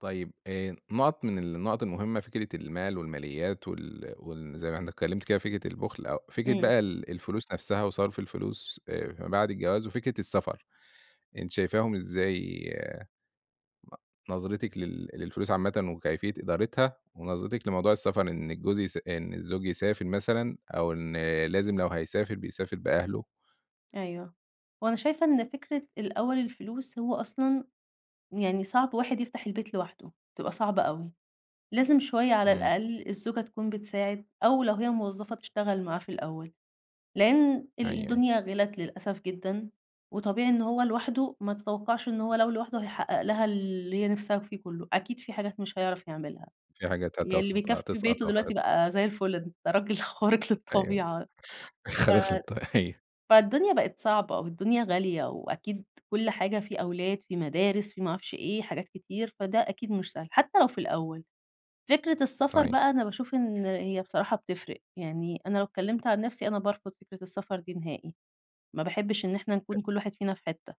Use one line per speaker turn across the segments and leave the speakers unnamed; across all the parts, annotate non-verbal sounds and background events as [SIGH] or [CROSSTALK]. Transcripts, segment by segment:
طيب آآ، نقط من النقط المهمّة فكرة المال والماليات وال وال زي ما إحنا اتكلمت كده فكرة البخل أو فكرة
إمم.
بقى ال الفلوس نفسها وصرف الفلوس آآ فيما بعد الجواز وفكرة السفر، أنتِ شايفاهم إزاي، نظرتِك لل للفلوس عامةً وكيفية إدارتها، ونظرتِك لموضوع السفر إن الجوز يس إن الزوج يسافر مثلًا أو إن لازم لو هيسافر بيسافر بأهله؟
أيوَه، وأنا شايفة إن فكرة الأوّل الفلوس هو أصلًا يعني صعب واحد يفتح البيت لوحده، تبقى صعبة أوي، لازم شويّة على
إمم.
الأقل الزوجة تكون بتساعد أو لو هي موظفة تشتغل معاه في الأوّل، لأن
أيوه،
ال
أيوه.
الدنيا غلت للأسف جدًا، وطبيعي إن هو لوحده ما تتوقعش إن هو لو لوحده هيحقق لها اللي هي نفْسها في كلّه، أكيد في حاجات مش هيعرف يعملها
في حاجات
يعني
هتس
اللي بيكفي بيته
هتسقط أو
دلوقتي
هت
بقى زي الفل ده راجل خارق
أيوه
للطبيعة ف
خارق للطبيعة أيوه.
فالدنيا بقت صعبة، والدنيا غالية، وأكيد كل حاجة في أولاد في مدارس في ما أعرفش إيه حاجات كتير، فده أكيد مش سهل حتّى لو في الأوّل، فكرة السفر
صحيح.
بقى أنا باشوف إن هي بصراحة بتفرق، يعني أنا لو اتكلمت عن نفْسي أنا بارفض فكرة السفر دي نهائي، ما باحبش إن إحنا
أ
نكون كل واحد فينا في حتّة،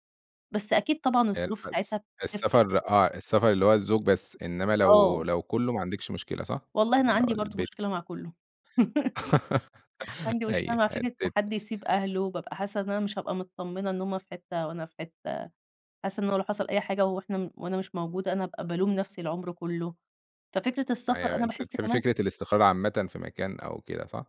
بس أكيد طبعًا
آآ
الظروف
الس
ساعتها بتفرق.
السفر آه، السفر اللي هو الزوج بس إنّما لو
آه.
لو كلّه ما عندكيش مشكلة صح؟
والله أنا
لو
عندي برضه
البيت
مشكلة مع كلّه. [LAUGHS]
[LAUGHS]
عندي مشكلة
أيوه
مع فكرة
[UNINTELLIGIBLE]
حد يسيب أهله، وبابقى حاسّة إن أنا مش هابقى متطمنة إن هُم في حتّة وأنا في حتّة، حاسّة إنّه لو حصل أي حاجة وإحنا وأنا مش موجودة أنا هابقى بالوم نفْسي العمر كلّه، ففكرة السفر
أيوَه
أنا
أنت
باحس
بتحبي
كمان
فكرة الاستقرار عامةًً في مكان أو كده صح؟